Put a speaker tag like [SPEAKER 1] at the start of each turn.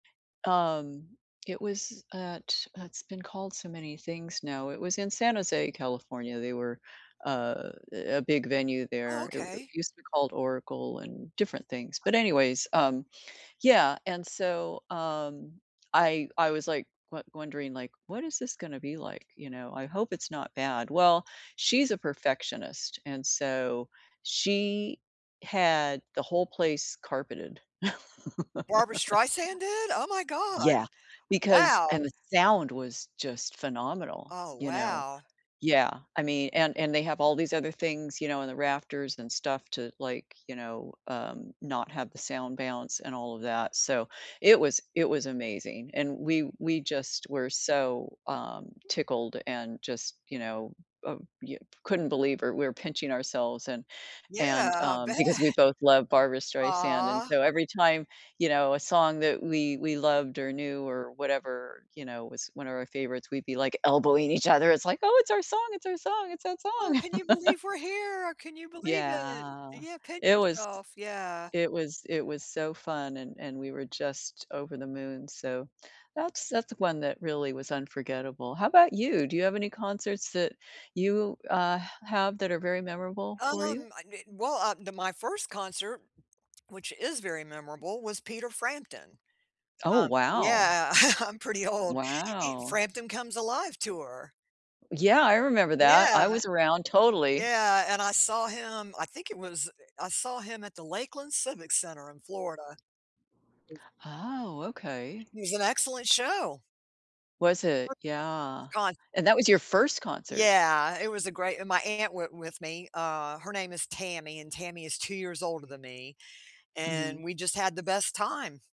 [SPEAKER 1] Um, it was at, it's been called so many things now, it was in San Jose, California, they were, uh, a a big venue
[SPEAKER 2] Oh,
[SPEAKER 1] there, it w
[SPEAKER 2] okay.
[SPEAKER 1] used to be called Oracle and different things,
[SPEAKER 2] [unintelligible]
[SPEAKER 1] but anyways, um, yeah, and so, um, I I was like won wondering, like, what is this gonna be, like, you know, I hope it's not bad, well, she's a perfectionist, and so she had the whole place carpeted.
[SPEAKER 2] Barbara Streisand did? Oh, my God.
[SPEAKER 1] Yeah, because
[SPEAKER 2] Wow.
[SPEAKER 1] and the sound was just phenomenal,
[SPEAKER 2] Oh,
[SPEAKER 1] you know,
[SPEAKER 2] wow.
[SPEAKER 1] yeah, I mean, and and they have all these other things, you know, in the rafters and stuff to, like, you know, um, not have the sound bounce and all of that, so it was it was amazing, and we we just were so, um, tickled and just, you know, uh you couldn't believe it, we're pinching ourselves and
[SPEAKER 2] Yeah,
[SPEAKER 1] and,
[SPEAKER 2] I
[SPEAKER 1] um,
[SPEAKER 2] bet.
[SPEAKER 1] because we both love Barbara Streisand, and
[SPEAKER 2] Ah.
[SPEAKER 1] so every time, you know, a song that we we loved or knew or whatever, you know, was one of our favorites, we'd be, like, elbowing each other, it's, like, oh, it's our song, it's our song, it's that song.
[SPEAKER 2] Oh, can you believe we're here? Can you believe it?
[SPEAKER 1] Yeah,
[SPEAKER 2] Yeah, pinch
[SPEAKER 1] it was
[SPEAKER 2] yourself. Yeah.
[SPEAKER 1] it was it was so fun and, and we were just over the moon, so that's that's one that really was unforgettable. How 'bout you? Do you have any concerts that you, uh, h have that are very memorable for you?
[SPEAKER 2] Um, I didn't well, uh, the, my first concert, which is very memorable, was Peter Frampton.
[SPEAKER 1] Oh,
[SPEAKER 2] Um,
[SPEAKER 1] wow.
[SPEAKER 2] yeah, I'm pretty old. E
[SPEAKER 1] Wow.
[SPEAKER 2] Frampton Comes Alive tour.
[SPEAKER 1] Yeah, I remember that,
[SPEAKER 2] Yeah.
[SPEAKER 1] I was around, totally.
[SPEAKER 2] Yeah, and I saw him, I think it was, I saw him at the Lakeland Civic Center in Florida.
[SPEAKER 1] Oh, okay.
[SPEAKER 2] He's an excellent show.
[SPEAKER 1] Was
[SPEAKER 2] [unintelligible]
[SPEAKER 1] it,
[SPEAKER 2] S
[SPEAKER 1] yeah,
[SPEAKER 2] con
[SPEAKER 1] and that was your first concert.
[SPEAKER 2] Yeah, it was a great, and my aunt went with me, uh, her name is Tammy and Tammy is 2 years older than me, and
[SPEAKER 1] Mhm.
[SPEAKER 2] we just had the best time.